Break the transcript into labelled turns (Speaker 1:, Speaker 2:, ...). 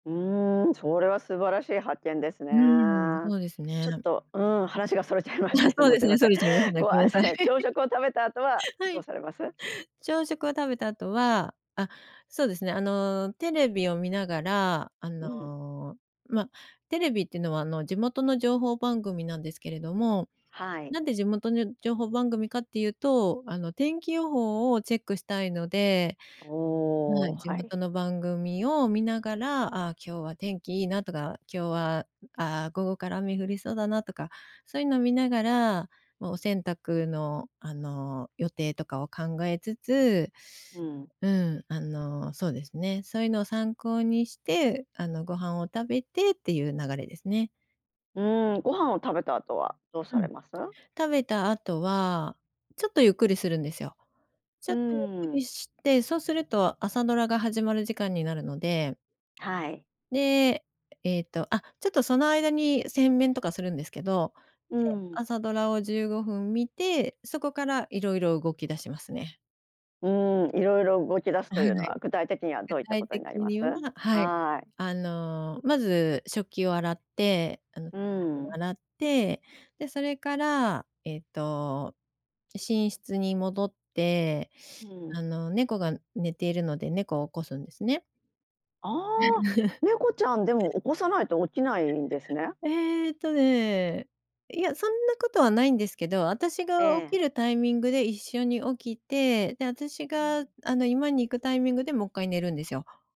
Speaker 1: うん、それは素晴らしい発見ですね。
Speaker 2: うん、そうです
Speaker 1: ちょっ
Speaker 2: ね。
Speaker 1: とうん、話が逸れちゃいま
Speaker 2: あ、
Speaker 1: したけど、
Speaker 2: そう
Speaker 1: もう
Speaker 2: で
Speaker 1: す
Speaker 2: す
Speaker 1: いま
Speaker 2: ね、
Speaker 1: せ
Speaker 2: そ
Speaker 1: ん、
Speaker 2: れちゃいますね。
Speaker 1: こう
Speaker 2: ごめんなさい。
Speaker 1: 朝、朝食を食べた後は
Speaker 2: は
Speaker 1: ど
Speaker 2: い。
Speaker 1: うされます？
Speaker 2: 朝食を食べた後は、あ、そうですね、あの、テレビを見ながら、あ
Speaker 1: うん。
Speaker 2: の、ま、テレビっていうのはあの、地元の情報番組なんですけれども、
Speaker 1: は
Speaker 2: な
Speaker 1: い。
Speaker 2: んで地元の情報番組かっていうと、あの天気予報をチェックしたいので、は
Speaker 1: おお、
Speaker 2: い、地
Speaker 1: はい。
Speaker 2: 元の番組を見ながら、ああ、今日は天気いいなとか、今日は、ああ、午後から雨降りそうだなとか、そういうのを見ながら、
Speaker 1: う
Speaker 2: もうお
Speaker 1: ん。
Speaker 2: 洗濯のあの、予定とかを考えつつ、
Speaker 1: うん。
Speaker 2: うん、あの、そうですね、そういうのを参考にして、あの、ご飯を食べてっていう流れですね。
Speaker 1: うん、ご飯を食べた後はどう
Speaker 2: う
Speaker 1: され
Speaker 2: ん、
Speaker 1: ます？
Speaker 2: 食べた後は、ちょっとゆっくりするんですよ。ち
Speaker 1: う
Speaker 2: ょっとゆっく
Speaker 1: ーん。
Speaker 2: りして、そうすると朝ドラが始まる時間になるので。
Speaker 1: はい。
Speaker 2: で、えっと、あちょっとその間に洗面とかするんですけど、で、
Speaker 1: うん。
Speaker 2: 朝ドラを15分見て、そこからいろいろ動き出しますね。
Speaker 1: うん、いろいろ動き出すと
Speaker 2: はい。
Speaker 1: いうのは具体的には
Speaker 2: 具
Speaker 1: どういったこ
Speaker 2: 体
Speaker 1: とに
Speaker 2: 的
Speaker 1: なります？
Speaker 2: には、はい。
Speaker 1: はい。
Speaker 2: あの、まず食器を洗って、あの
Speaker 1: う
Speaker 2: [unintelligible] を
Speaker 1: ん。
Speaker 2: 洗って、で、それから、えっと、寝室に戻って、
Speaker 1: うん。
Speaker 2: あの猫が寝ているので、猫を起こすんですね。
Speaker 1: ああ、猫ちゃんでも起こさないと起きないんですね。
Speaker 2: えっとね、いや、そんなことはないんですけど、私が
Speaker 1: え
Speaker 2: 起き
Speaker 1: え。
Speaker 2: るタイミングで一緒に起きて、で、私
Speaker 1: う
Speaker 2: が
Speaker 1: ん。
Speaker 2: あの居間に行くタイミングでもっかい寝るんですよ。